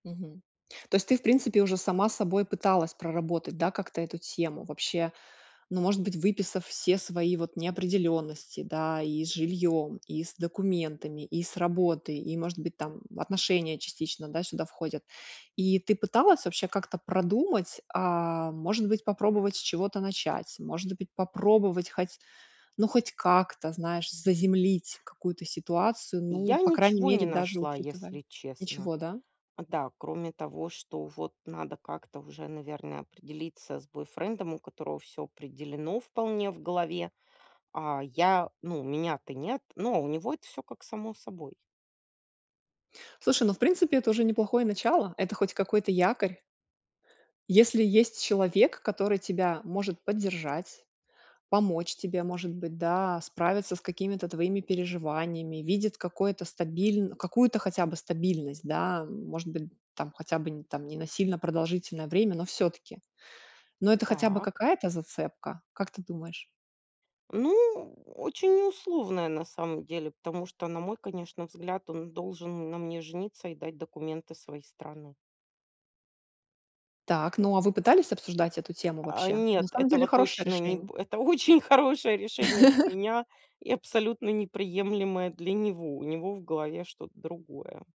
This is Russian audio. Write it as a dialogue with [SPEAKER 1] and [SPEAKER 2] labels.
[SPEAKER 1] Мгм. То есть ты, в принципе, уже сама с собой пыталась проработать, да, как-то эту тему, вообще, ну, может быть, выписав все свои вот неопределённости, да, и с жильём, и с документами, и с работы, и, может быть, там отношения частично, да, сюда входят. И ты пыталась вообще как-то продумать, а может быть, попробовать с чего-то начать, может быть, попробовать хоть, ну, хоть как-то, знаешь, заземлить какую-то ситуацию, ну,
[SPEAKER 2] Я
[SPEAKER 1] по крайней
[SPEAKER 2] ничего не
[SPEAKER 1] мере, даже
[SPEAKER 2] нашла,
[SPEAKER 1] учитывая
[SPEAKER 2] если честно.
[SPEAKER 1] Ничего, да?
[SPEAKER 2] Да, кроме того, что вот надо как-то уже, наверное, определиться с бойфрендом, у которого всё определено вполне в голове. А я, ну, у меня-то- нет, но у него это всё как само собой.
[SPEAKER 1] Слушай, ну, в принципе, это уже неплохое начало, это хоть какой-то якорь. Если есть человек, который тебя может поддержать, помочь тебе, может быть, да, справиться с какими-то твоими переживаниями, видит какое-то стабиль какую-то хотя бы стабильность, да, может быть, там, хотя бы там не на сильно продолжительное время, но всё-таки. Но это хотя бы
[SPEAKER 2] Так.
[SPEAKER 1] какая-то зацепка, как ты думаешь?
[SPEAKER 2] Ну, очень не условная на самом деле, потому что, на мой, конечно, взгляд, он должен на мне жениться и дать документы своей страны.
[SPEAKER 1] Так, ну, а вы пытались обсуждать эту тему
[SPEAKER 2] А
[SPEAKER 1] вообще? На
[SPEAKER 2] нет,
[SPEAKER 1] самом деле
[SPEAKER 2] этого
[SPEAKER 1] хорошее
[SPEAKER 2] точно не
[SPEAKER 1] решение.
[SPEAKER 2] бу это очень хорошее решение для меня и абсолютно неприемлемое для него. У него в голове что-то другое.